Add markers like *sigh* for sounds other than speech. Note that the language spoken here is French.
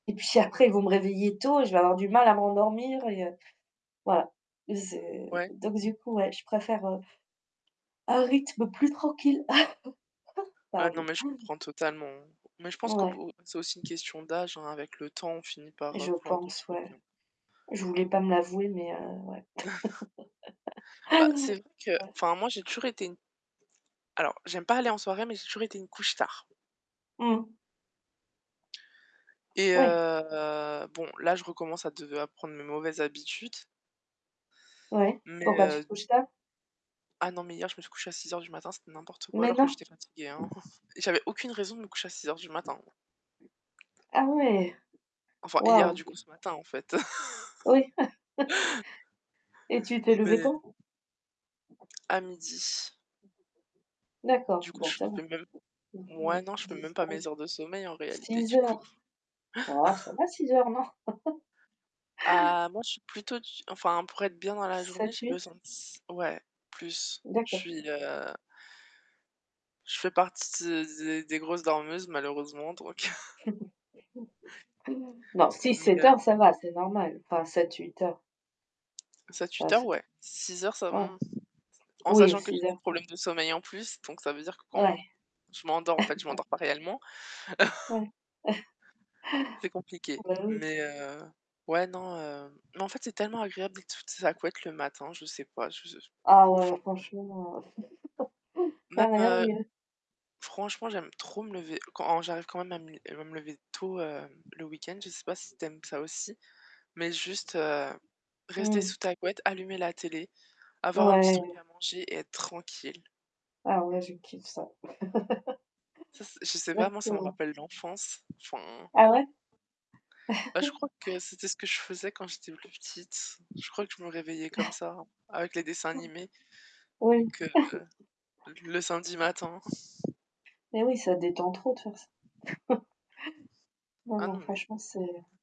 Et puis après, ils vont me réveiller tôt, je vais avoir du mal à m'endormir et heu, voilà, donc, Ouais. c'est du coup, ouais, je préfère, heu un rythme plus tranquille. *chuckles* Ouais, non, Pardon. mais je comprends totalement, hein mais je pense qu'au Ouais. b c'est aussi une question d'âge, hein. Avec le temps, on finit par, heu, Je vouloir d'autres pense, trucs. ouais. Je voulais pas me l'avouer, mais heu, ouais. *chuckles* Bah, c'est *laughs* vrai que Ouais. enfin moi j'ai toujours été une alors j'aime pas aller en soirée, mais j'ai toujours été une couche-tard Mmh. et Oui. heu, bon, là, je recommence à de à prendre mes mauvaises habitudes Ouais. mais Pourquoi tu heu touches ça? Ah non, mais hier, je me suis couchée à 6:00 du matin. C'était n'importe quoi, Mais alors que non? j'étais fatiguée, hein. *chuckles* J'avais aucune raison de me coucher à 06:00 du matin. Ah ouais, Enfin hier waouh. du coup ce matin en fait Oui. *laughs* *chuckles* Et tu t'es levée mais quand? À 12:00. D'accord, Du coup, bon je ça va. fais même ouais non, je fais même pas 9-10-11. mes heures de sommeil en réalité 06:00 du coup. heures. Bah, ça *chuckles* va 6:00 heures, non? *laughs* Ah, moi, je suis plutôt du g enfin pour être bien dans la journée, j'ai 7-8. besoin de s ouais plus. Je D'accord. suis, heu je fais partie des des grosses dormeuses malheureusement donc *chuckles* *chuckles* Non, Mais 6-7 heu heures ça va, c'est normal, enfin 7-8 heures. Bah, 7-8 heures c'est ouais. 6 heures, ça me, ouais. mmh, en Oui, sachant que j'ai 6 des heures, ça va problèmes de sommeil en plus, donc ça veut dire que quand Ouais. je m'endors en fait, je *chuckles* m'endors pas réellement. *chuckles* Ouais, *chuckles* C'est compliqué, bah, oui. mais heu, ouais non, mais en fait c'est tellement agréable d'être sous sa couette le matin, je sais pas, je je Ah ouais, enfin. franchement, *chuckles* il y Même, a rien de heu, mieux. franchement, j'aime trop me lever quand j'arrive quand même à me li à me lever tôt, heu, le week-end. Je sais pas si tu aimes ça aussi, mais juste rester Mmh. sous ta couette, allumer la télé, avoir un petit truc Ouais. à manger et être tranquille. Ah ouais, je kiffe ça. *laughs* Ça, je sais pas, moi, ça me Exactement. rappelle l'enfance. Enfin Ah ouais? bah, je *chuckles* crois que c'était ce que je faisais quand j'étais plus petite. Je crois que je me réveillais comme *chuckles* ça avec les dessins animés, Oui. donc heu, le samedi *chuckles* matin. Et oui, ça détend trop de faire ça. *chuckles* Non, Ah non, non, mais franchement, c'est